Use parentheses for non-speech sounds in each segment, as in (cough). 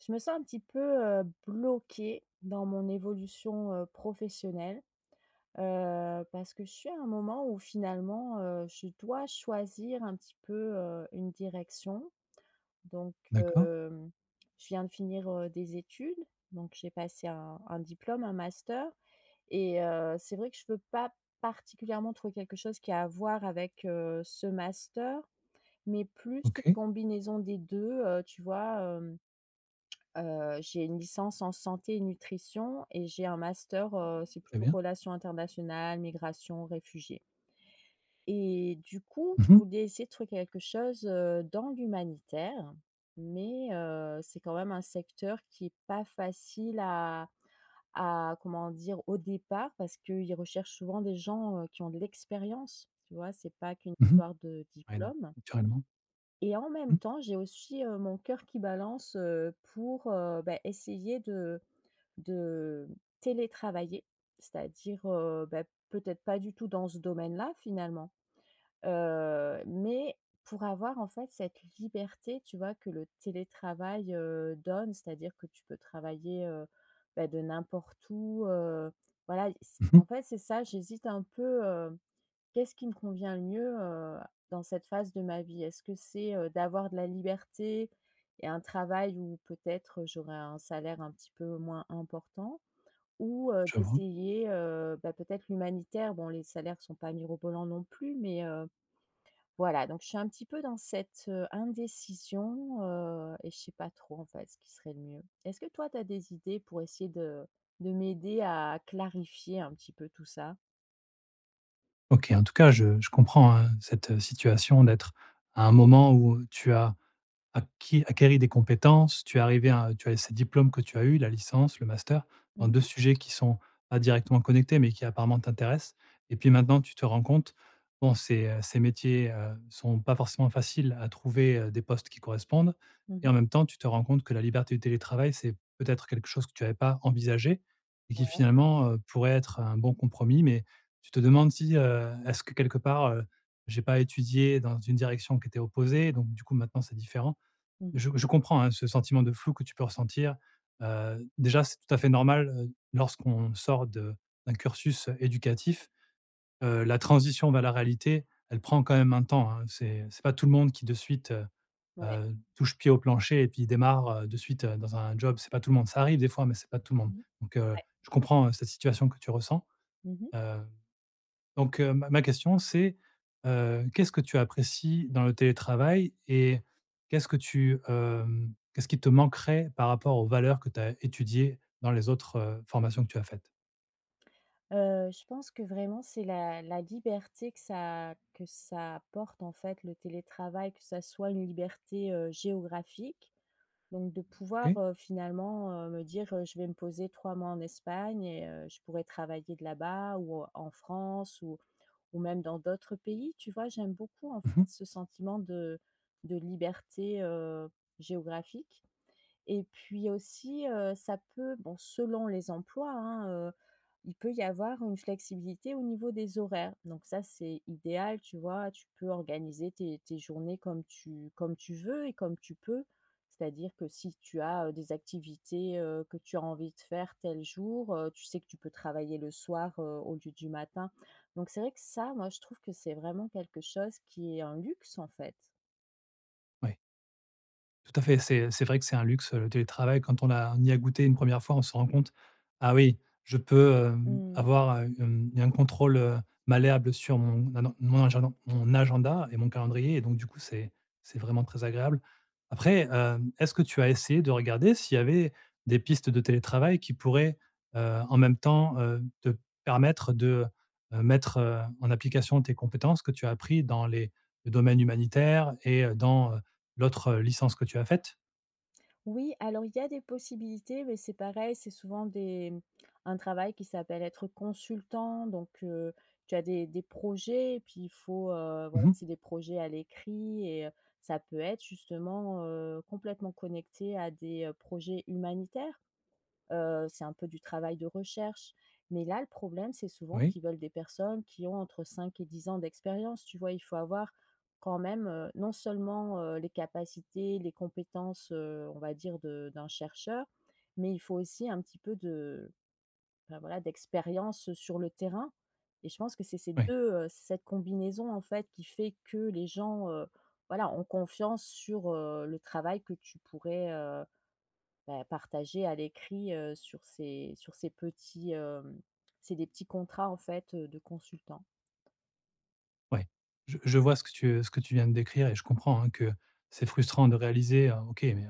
Je me sens un petit peu, heu, bloquée, dans mon évolution, heu, professionnelle. Heu, parce que je suis à un moment, où finalement, heu, je dois choisir un petit peu, heu, une direction. Donc, D'accord. heu, je viens de finir, heu, des études, donc j'ai passé un un diplôme, un master et heu, c'est vrai que je veux pas particulièrement trouver quelque chose qui a à voir avec, heu, ce master, mais plus une OK. combinaison des 2 heu, tu vois, hem, heu, j'ai une licence en santé nutrition et j'ai un master, heu, c'est Très plutôt bien. relations internationales, migrations, réfugiés. Et du coup, je Mmh mh. voulais essayer de trouver quelque chose, heu, dans l'humanitaire, mais, heu, c'est quand même un secteur qui est pas facile à à comment dire? Au départ, parce qu'ils recherchent souvent des gens, heu, qui ont de l'expérience, tu vois? C'est pas qu'une Mmh mh. histoire de Ouais, diplôme. naturellement Et en même Mmh. temps, j'ai aussi heu, mon coeur qui balance, heu, pour, heu, bah essayer de de, télétravailler. C'est-à-dire, heu, bah peut-être pas du tout dans ce domaine-là finalement. Heu, mais pour avoir, en fait, cette liberté, tu vois? Que le télétravail, heu, donne, c'est-à-dire que tu peux travailler, heu, bah de n'importe où heu, voilà i Mmh en mh. fait, c'est ça, j'hésite un peu, heu. Qu'est-ce qui me convient le mieux heu, a dans cette phase de ma vie? Est-ce que c'est, heu, d'avoir de la liberté et un travail où, peut-être, j'aurais un salaire un petit peu moins important? Ou heu, Je vois. d'essayer, heu, bah peut être l'humanitaire, bon les salaires sont pas mirobolants non plus mais, heu. Voilà, donc je suis un petit peu dans cette, heu, indécision, heu, et je sais pas trop en fait, ce qui serait le mieux. Est-ce que toi, tu as des idées pour essayer de de m'aider à clarifier un petit peu tout ça? OK, en tout cas, je je comprends hein, cette situation d'être, à un moment où, heu, tu as acquis acquéris des compétences, tu es arrivée à tu as ces diplômes que tu as eu, la licence, le master, Mmh dans 2 mh. sujets qui sont pas directement connectés, mais qui apparemment t'intéressent. Et puis maintenant tu te rends compte, bon ces, heu ces métiers, heu, sont pas forcément faciles à trouver, heu, des postes qui correspondent. Mmh mh. Et en même temps, tu te rends compte que la liberté du télétravail, c'est, peut-être, quelque chose que tu avais pas envisagé et qui, Ouais. finalement, heu, pourrait être un bon compromis mais, tu te demandes si, heu, est-ce que quelque part, heu, j'ai pas étudié dans une direction qui était opposée? Donc du coup maintenant c'est différent. Mmh mh. Je je comprends, hein, ce sentiment de flou que tu peux ressentir. Heu, déjà, c'est tout à fait normal heu d lorsqu'on sort de d'un cursus éducatif, heu, la transition vers la réalité, elle prend quand même un temps, hein. C'est c'est pas tout le monde qui, de suite, heu Ouais. heu, touche pied au plancher et puis démarre, heu, de suite, dans un job. C'est pas tout le monde, ça arrive des fois mais, c'est pas tout le monde. Mmh, Donc, heu, ouais. je comprends, heu, cette situation que tu ressens, Mmh mh. heu. Donc heu, ma ma question c'est, heu, qu'est-ce que tu apprécies dans le télétravail? Et, qu'est-ce que tu, hem, qu'est-ce qui te manquerait par rapport aux valeurs que tu as étudiées dans les autres formations que tu as faites? Heu, je pense que vraiment c'est la la liberté que ça que ça apporte en fait le télétravail, que ça soit une liberté, heu, géographique. Donc de pouvoir, Oui. heu, finalement, heu, me dire, heu, je vais me poser 3 mois en Espagne et heu, je pourrais travailler de là-bas ou, heu, en France, ou ou même dans d'autres pays tu vois? J'aime beaucoup en Mmh mh. fait ce sentiment de de liberté, heu, géographique. Et puis aussi, heu, ça peut, bon selon les emplois hein, heu, il peut y avoir une flexibilité au niveau des horaires. Donc ça c'est idéal tu vois, tu peux organiser tes tes journées comme tu comme tu veux et comme tu peux. C'est-à-dire que, si tu as, heu, des activités, heu, que tu as envie de faire tel jour, heu, tu sais que tu peux travailler le soir, heu, au lieu du matin. Donc c'est vrai que ça, moi je trouve que c'est vraiment quelque chose qui est un luxe en fait. Ouais. Tout à fait c'est, c'est vrai que c'est un luxe, heu, le télétravail quand on a on y a goûté une 1re fois on s'en rend compte. Ah oui je peux, hem, Mmh mh. avoir, heu, hem, un contrôle, heu, malléable sur mon, ah non mon agenda mon agenda et mon calendrier et donc du coup c'est c'est vraiment très agréable. Après, hem, est-ce que tu as essayé de regarder s'il y avait des pistes de télétravail qui pourraient, heu, en même temps, heu, te permettre de, heu, mettre, heu, en application tes compétences que tu as appris dans les domaines humanitaires et heu, dans, heu, l'autre licence que tu as faite? Oui, alors il y a des possibilités mais c'est pareil c'est souvent des mmh un travail qui s'appelle être consultant donc, heu, tu as des des projets et puis il faut heu, Mmh voilà mh. c'est des projets à l'écrit et heu, ça peut être justement, heu, complètement connecté à des, heu, projets humanitaires. Heu, c'est un peu du travail de recherche. Mais là, le problème c'est souvent Oui. qu'ils veulent des personnes qui ont entre 5 et 10 ans d'expérience, tu vois? Il faut avoir quand même, heu, non seulement, heu, les capacités, les compétences, heu, on va dire de d'un chercheur, mais il faut aussi un petit peu de, bah, voilà d'expérience sur le terrain. Et je pense que c'est ces Oui! 2 heu, c'est cette combinaison en fait qui fait que les gens, heu, voilà ont confiance sur, heu, le travail que tu pourrais, heu, bah, partager à l'écrit, heu, sur ces sur ces petits, hem c'est des petits contrats en fait, heu, de consultants. Ouais. Je je vois ce que tu, heu, ce que tu viens de décrire et je comprends, hein, que c'est frustrant de réaliser: «Heu OK, mais, heu,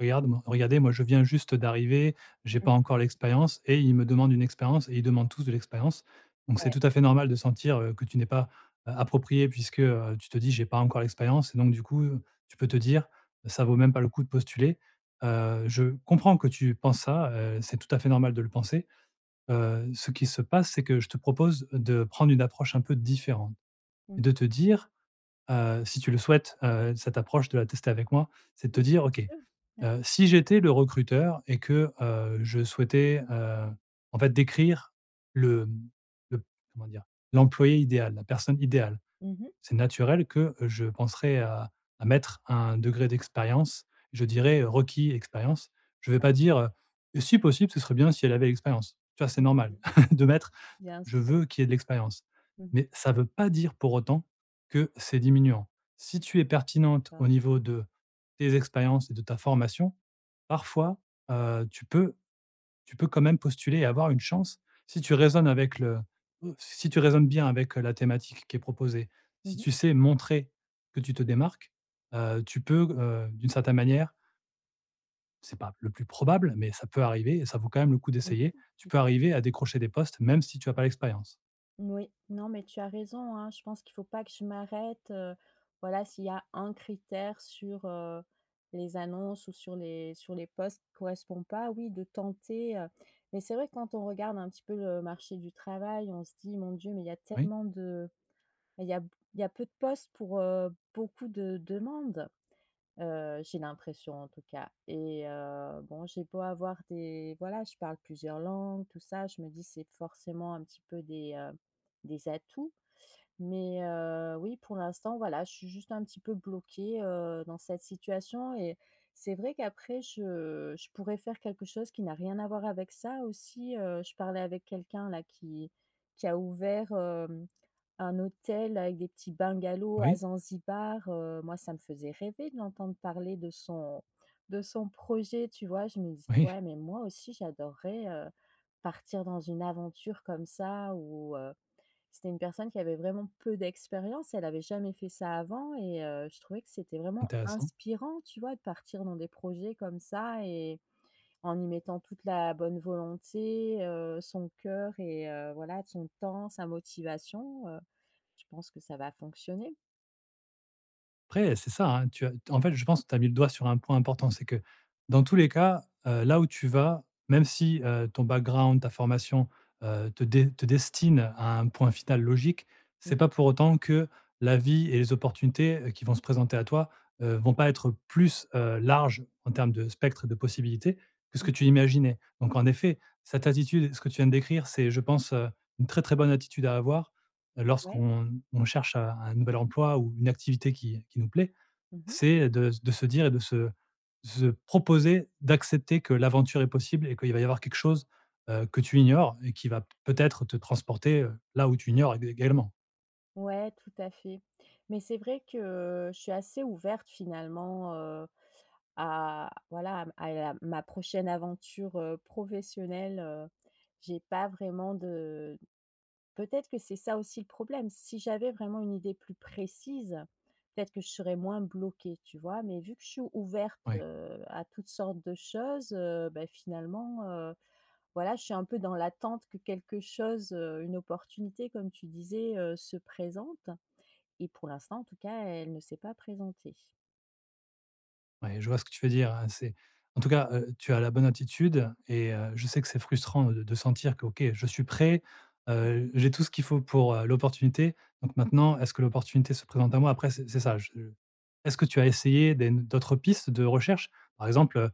regarde moi regardez moi je viens juste d'arriver, j'ai Mmh. pas encore l'expérience et ils me demandent une expérience et ils demandent tous de l'expérience.». Donc c'est Ouais. tout à fait normal de sentir, heu, que tu n'es pas, heu, appropriée puisque, heu, tu te dis: «J'ai pas encore l'expérience», et donc du coup, tu peux te dire: «Ça vaut même pas le coup de postuler», heu, je comprends que tu penses ça, heu, c'est tout à fait normal de le penser. Heu, ce qu'il se passe, c'est que je te propose de prendre une approche un peu différente Mmh. et de te dire heu, si tu le souhaites, heu, cette approche de la tester avec moi, c'est de te Oui dire: un petit «OK, peu. Mer heu, si j'étais le recruteur et que, heu, je souhaitais, heu, en fait décrire le, mmh, le p comment dire? L'employé idéal, la personne idéale.», Mmh mh. c'est naturel que je penserais à à mettre un degré d'expérience, je dirais, heu: «Requis: expérience.». Je vais pas dire, heu: «Et si possible, ce serait bien si elle avait l'expérience», tu vois? C'est Mmh normal mh. (chuckles) de mettre: «Je Bien-sûr. veux qu'il y ait de l'expérience.». Mmh. Mais, ça veut pas dire pour autant que c'est diminuant. Si tu es Oui, pertinente d'accord. au niveau de tes expériences et de ta formation, parfois, heu, tu peux tu peux quand même postuler et avoir une chance. Si tu raisonnes avec le (unintelligible) si tu raisonnes bien avec la thématique qui est proposée. Mmh Si mh. tu sais montrer que tu te démarques, heu, tu peux g heu, d'une certaine manière c'est pas le plus probable, mais ça peut arriver et ça vaut quand même le coup d'essayer. Tu peux arriver à (unintelligible) décrocher des postes même si tu as pas l'expérience. Moui, non mais tu as raison hein, je pense qu'il faut pas que je m'arrête, heu. Voilà s'il y a un critère sur, heu, les annonces ou sur les sur les postes qui correspond pas, oui de tenter, heu. Mais c'est vrai quand on regarde un petit peu le marché du travail, on se dit: «Mon dieu mais il y a Oui. tellement de bah il y a il y a peu de postes pour, heu, beaucoup de demandes», heu, j'ai l'impression en tout cas. Et heu, bon, j'ai beau avoir des voilà, je parle plusieurs langues, tout ça, je me dis c'est forcément un petit peu des, heu, des atouts. Mais, heu, oui pour l'instant voilà je suis juste un petit peu bloquée, heu, dans cette situation et c'est vrai qu'après je je pourrais faire quelque chose qui n'a rien à voir avec ça aussi, heu. Je parlais avec quelqu'un là, qui qui a ouvert, hem, un hôtel avec des petits bungalows à Oui. Zanzibar, heu, moi ça me faisait rêver de l'entendre parler de son, de son projet, tu vois? Je me dis: Oui. «Ouais, mais moi aussi j'adorerais heu, partir dans une aventure comme ça», ou heu c'était une personne qui avait vraiment peu d'expérience. Elle avait jamais fait ça avant et heu, je trouvais que c'était vraiment Intéressant. inspirant, tu vois? De partir dans des projets comme ça et, en y mettant toute la, bonne volonté, heu, son cœur et heu, voilà, de son temps, sa motivation, heu. Je pense que ça va fonctionner. Après, c'est ça hein, tu as t en fait, je pense que tu as mis le doigt sur un point important, c'est que, dans tous les cas, heu, là où tu vas, même si, heu, ton background, ta formation, heu, te de te destine à un point final logique, Mmh c'est mh. pas pour autant que la vie et les opportunités, heu, qui vont se présenter à toi, heu, vont pas être plus, heu, larges en termes de spectre de possibilités que ce Mmh que tu mh. imaginais. Donc en effet, cette attitude, ce que tu viens de décrire c'est, je pense, heu, une très, très, bonne attitude à avoir Ouais. lorsqu'on, on cherche, heu, un nouvel emploi ou une activité qui qui nous plaît, Mmh mh. c'est, heu, de s de se dire et de se de se proposer, d'accepter que l'aventure est possible et qu'il va y avoir quelque chose, heu, que tu ignores et qui va peut-être te transporter, heu, là où tu ignores éga également. Ouais, tout à fait. Mais c'est vrai que je suis assez ouverte finalement, heu, à, voilà, à m à la ma prochaine aventure, heu, professionnelle, heu. J'ai pas vraiment de peut-être que c'est ça aussi le problème. Si j'avais vraiment une idée plus précise, peut-être que je serais moins bloquée, tu vois? Mais vu que je suis ouverte, Ouais. heu, à toutes sortes de choses, heu, bah, finalement, heu, voilà, je suis un peu dans l'attente que quelque chose, heu, une opportunité comme tu disais, heu, se présente. Et pour l'instant en tout cas elle ne s'est pas présentée. Ouais, je vois ce que tu veux dire hein, c'est en tout cas, heu, tu as la bonne attitude et heu, je sais que c'est frustrant de de sentir que: «OK je suis prêt, heu, j'ai tout ce qu'il faut pour, heu, l'opportunité, donc maintenant est-ce que l'opportunité se présente à moi?» après c'est c'est ça, je Est-ce que tu as essayé des d'autres pistes de recherche? Par exemple, heu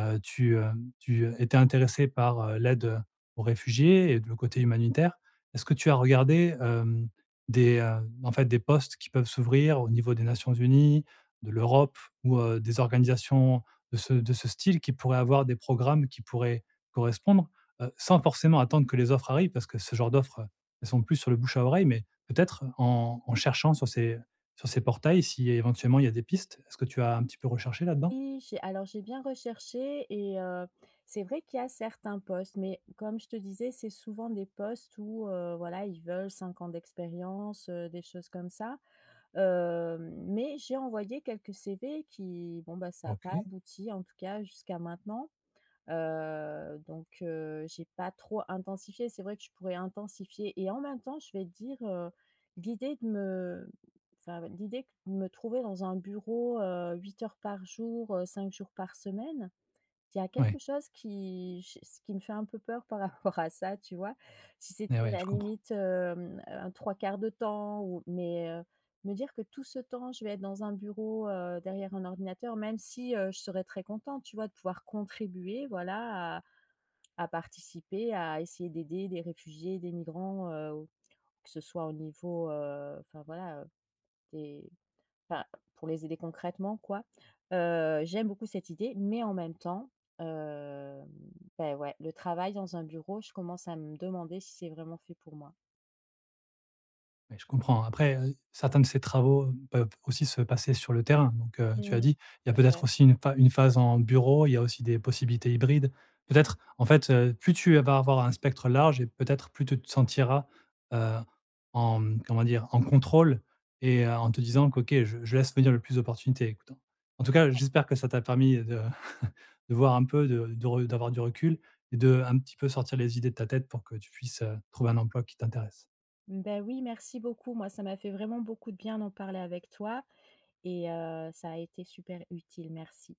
heu, tu, heu, tu, heu, étais intéressée par l'aide aux réfugiés et de le côté humanitaire, est-ce que tu as regardé, hem, des, heu, en fait, des postes qui peuvent s'ouvrir au niveau des Nations unies, de l'Europe ou, heu, des organisations de ce de ce style qui pourraient avoir des programmes qui pourraient correspondre? Heu, sans forcément attendre que les offres arrivent parce que ce genre d'offres, heu, elles sont plus sur le bouche-à-oreille mais peut-être en en cherchant sur ces sur ces portails si éventuellement il y a des pistes, est-ce que tu as un petit peu recherché là-dedans? Oui j'ai alors j'ai bien recherché et heu, c'est vrai qu'il y a certains postes mais comme je te disais c'est souvent des postes où, heu, voilà ils veulent 5 ans d'expérience, heu, des choses comme ça, hem. Mais j'ai envoyé quelques CV qui bon, ça a pas OK. abouti en tout cas jusqu'à maintenant, heu. Donc, heu, j'ai pas trop intensifié. C'est vrai que je pourrais intensifier. Et en même temps, je vais dire, heu, l'idée de me bah, heu, l'idée que de me trouver dans un bureau, heu, 8 heures par jour, heu, 5 jours par semaine, il y a quelque Ouais. chose qui je s qui me fait un peu peur par rapport à ça tu vois? Si Et c'était ouais. la Je comprends. limite, hem, heu, un 3/4 de temps ou mais, heu, me dire que tout ce temps je vais être dans un bureau, heu, derrière un ordinateur même si, heu, je serais très contente tu vois de pouvoir contribuer voilà à à participer à essayer d'aider des réfugiés, des migrants, heu, que ce soit au niveau, heu, enfin voilà, heu, des enfin pour les aider concrètement quoi. Heu, j'aime beaucoup cette idée. Mais en même temps, hem, beh, ouais, le travail dans un bureau, je commence à me demander si c'est vraiment fait pour moi. Ouais, je comprends après, heu, certains de ces travaux, heu, peuvent aussi se passer sur le terrain donc, heu tu Mmh as mh. dit il y a C'est peut-être vrai. aussi une pha une phase en bureau. Il y a aussi des possibilités hybrides. Peut-être, en fait, heu, plus tu vas avoir un spectre large et peut-être plus tu te sentiras, heu, en comment dire? En contrôle et en te disant que: «OK je je laisse venir le plus d'opportunités». En tout cas, j'espère que ça t'a permis de (chuckles) de voir un peu de de re d'avoir du recul et de un petit peu sortir les idées de ta tête pour que tu puisses, heu, trouver un emploi qui t'intéresse. Bah oui, merci beaucoup moi ça m'a fait vraiment beaucoup de bien d'en parler avec toi et heu, ça a été super utile merci.